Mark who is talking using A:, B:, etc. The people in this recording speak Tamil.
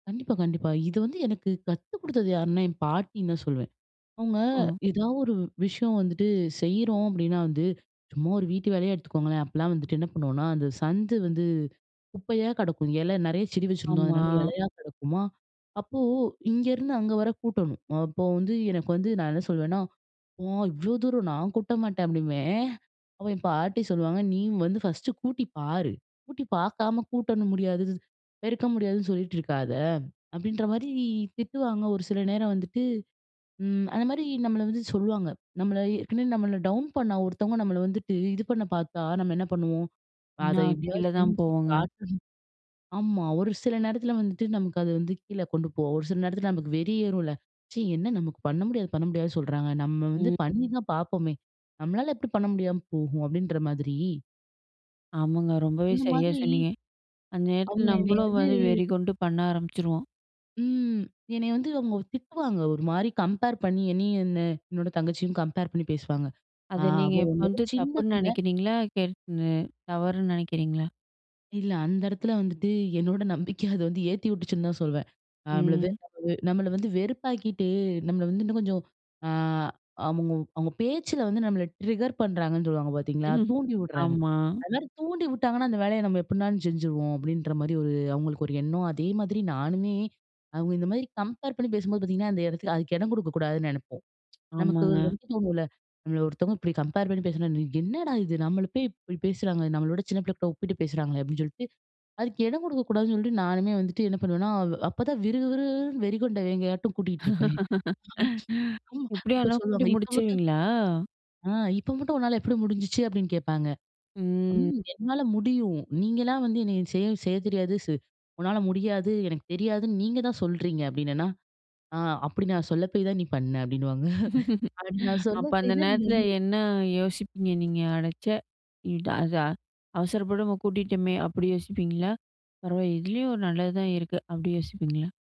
A: கண்டிப்பா, கண்டிப்பா. இது வந்து எனக்கு கத்து கொடுத்தது யாருன்னா, என் பாட்டின்னு தான் சொல்வேன். அவுங்க
B: ஓ!
A: எதா ஒரு விஷயம் வந்துட்டு செய்றோம் அப்பிடின்னா வந்து, சும்மா ஒரு வீட்டு வேலைய எடுத்துக்கோங்களேன்! அப்புட்லாம் வந்துட்டு என்ன பண்ணுவோன்னா, அந்த சந்து வந்து குப்பையா கிடக்கும். இல நிறைய செடி வச்சுருந்தோம்,
B: ஆமா.
A: அதனால இலையா கிடக்குமா! அப்போ இங்கேருந்து அங்கே வர கூட்டணும். அப்போ வந்து எனக்கு வந்து நான் என்ன சொல்லுவேன்னா, "ஓ! இவ்ளோ தூரம் நான் கூட்ட மாட்டேன்" அப்பிடிம்பேன். அப்ப என் பாட்டி சொல்லுவாங்க, "நீ வந்து ஃபர்ஸ்ட்டு கூட்டி பாரு! கூட்டி பார்க்காம கூட்டணும் முடியாது, பெருக்க முடியாதுன்னு சொல்லிட்டு இருக்காத!" அப்பிடின்றமாரி திட்டுவாங்க. ஒரு சில நேரம் வந்துட்டு, ம். அந்தமாரி நம்மள வந்து சொல்லுவாங்க. நம்மள ஏற்கனவே நம்மள டவுன் பண்ண ஒருத்தவுங்க நம்மள வந்துட்டு இது பண்ண பார்த்தா நம்ம என்ன பண்ணுவோம்? அத
B: நான் கீழ
A: எப்பிடியாவது
B: தான்
A: செஞ்சு
B: போவோங்க.
A: காட்டணும், ஆமா. ஒரு சில நேரத்தில வந்துட்டு நமக்கு அது வந்து கீழ கொண்டு போவும். ஒரு சில நேரத்தில நமக்கு வெறி ஏறும்ல. ச்சீ! என்ன நமக்கு பண்ண முடியாது, பண்ண முடியாதுன்னு சொல்றாங்க. நம்ம வந்து
B: ம்.
A: பண்ணி தான் பார்ப்பமே! நம்மளால எப்பிடி பண்ண முடியாம போகும்? அப்பிடின்ற மாதிரி.
B: ஆமாங்க. ரொம்பவே
A: அந்த
B: சரியா
A: மாதிரி
B: சொன்னீங்க. அந்த நேரத்தில
A: அவுங்க என்னைய
B: நம்பளும்
A: வந்து
B: வந்து வெறிகொண்டு பண்ண ஆரம்பிச்சுருவோம்.
A: ம். என்னைய வந்து அவுங்க திட்டுவாங்க. ஒருமாரி கம்பேர் பண்ணி என்னையும் என்ன என்னோட தங்கச்சியும் கம்பேர் பண்ணி பேசுவாங்க. ஆ
B: அது நீங்க
A: அவ
B: இப்ப
A: உன்னவிட
B: வந்து
A: சின்ன
B: தப்புன்னு
A: பிள்ள
B: நினைக்கிறீங்களா? கரெக்ட்டுன்னு தவறுன்னு நினைக்கிறீங்களா?
A: இல்ல. அந்த இடத்துல வந்துட்டு என்னோட நம்பிக்கை அத வந்து ஏத்தி விட்டுச்சுன்னு தான் சொல்வேன். அ நம்மளது
B: ம்.
A: [unintelligible] நம்மள வந்து வெறுப்பாக்கிட்டு, நம்மள வந்து இன்னும் கொஞ்சம், ஆ அவுங்க அவுங்க பேச்சில வந்து நம்மள ட்ரிக்கர் பண்ணுறாங்கன்னு சொல்லுவாங்க பார்த்தீங்களா! தூண்டி விட்றாங்க.
B: ஆமா.
A: அதுமாரி தூண்டி விட்டாங்கன்னா அந்த வேலைய நம்ம எப்புட்னாலும் செஞ்சுருவோம், அப்பிடின்றமாரி ஒரு அவுங்களுக்கு ஒரு எண்ணம், அதே மாதிரி நானுமே அவுங்க இந்தமாரி கம்பேர் பண்ணி பேசும்போது பார்த்தீங்கன்னா, அந்த இடத்துல அதுக்கு இடம் குடுக்கக்கூடாதுன்னு நினைப்போம் நமக்கு
B: ஆமாங்க.
A: வந்து தோணுல. நம்மள ஒருத்தவுங்க இப்பிடி கம்பேர் பண்ணி பேசுனா, "நீ என்னடா! இது நம்மள போய் இப்பிடி பேசுறாங்க? நம்மள விட சின்ன பிள்ளக்கிட்ட ஒப்பிட்டு பேசுறாங்களே!" அப்பிடின்னு சொல்ட்டு, அதுக்கு இடம் கொடுக்கக்கூடாதுன்னு சொல்ட்டு, நானுமே வந்துட்டு என்ன பண்ணுவேன்னா, அப்ப தான் விறு, விறு, விறுன்னு வெறிகொண்ட வேங்கையாட்டும் கூட்டிட்டு இருப்பேன். [unintelligible] அப்ப
B: எப்பிடியானா கூட்டி
A: சொல்லுவாங்க, இப்ப மட்டும்
B: முடிச்சுருவீங்களா?
A: "ஆ இப்ப மட்டும் உன்னால எப்பிடி முடிஞ்சிச்சு" அப்பிடின்னு கேட்பாங்க.
B: ம்.
A: [unintelligible] "என்னால முடியும். நீங்கலா வந்து என்ன செய்ய, செய்ய தெரியாது. சு உன்னால முடியாது, எனக்கு தெரியாதுன்னு நீங்க தான் சொல்றீங்க!" அப்பிடினேன்னா! ஆ அப்பிடி நான் சொல்ல போய் தான் நீ பண்ண! அப்பிடின்னுவாங்க. அப்பிடி நான் சொல்ல
B: அப்ப அந்த
A: போய் தான் நீ
B: நேரத்தில
A: வந்து
B: என்ன யோசிப்பீங்க நீங்க? அடச்சே! [unintelligible] அத அவசரப்படாம கூட்டிட்டோமே! அப்பிடி யோசிப்பீங்களா? பரவா இதுலேயும் ஒரு நல்லது தான் இருக்கு. அப்பிடி யோசிப்பீங்களா?